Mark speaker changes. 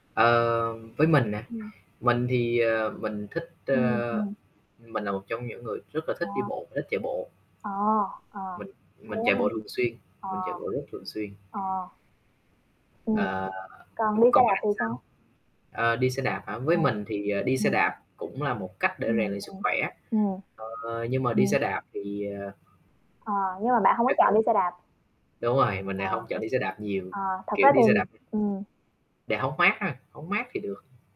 Speaker 1: Ờ. Với mình nè,
Speaker 2: Ừm.
Speaker 1: mình thì, ờ, mình thích,
Speaker 2: Ừm,
Speaker 1: ơ
Speaker 2: ừm.
Speaker 1: mình là một trong những người rất là thích đi
Speaker 2: À.
Speaker 1: bộ, và thích chạy bộ.
Speaker 2: À, à,
Speaker 1: Mình
Speaker 2: thế
Speaker 1: mình chạy bộ thường xuyên,
Speaker 2: ha?
Speaker 1: mình
Speaker 2: À.
Speaker 1: chạy bộ rất thường xuyên.
Speaker 2: À. Ừm,
Speaker 1: À.
Speaker 2: còn
Speaker 1: Ừm,
Speaker 2: đi xe
Speaker 1: còn
Speaker 2: đạp
Speaker 1: bạn
Speaker 2: thì
Speaker 1: thì sao?
Speaker 2: sao?
Speaker 1: À, đi xe đạp hả? Với
Speaker 2: À,
Speaker 1: mình thì, à, đi xe
Speaker 2: ừm.
Speaker 1: đạp cũng là một cách để
Speaker 2: Ừm,
Speaker 1: rèn luyện sức
Speaker 2: ừm,
Speaker 1: khỏe,
Speaker 2: ừm.
Speaker 1: ờ, nhưng mà đi
Speaker 2: Ừm.
Speaker 1: xe đạp thì, ờ
Speaker 2: Ờ, nhưng mà bạn hông có
Speaker 1: tiết
Speaker 2: chọn
Speaker 1: kiệm.
Speaker 2: đi xe đạp.
Speaker 1: Đúng rồi, mình
Speaker 2: Ờ.
Speaker 1: lại hông chọn đi xe đạp nhiều,
Speaker 2: Ờ, thực ra
Speaker 1: kiểu, đi
Speaker 2: thì
Speaker 1: xe đạp
Speaker 2: ừm.
Speaker 1: để hóng mát ha, hóng mát thì được.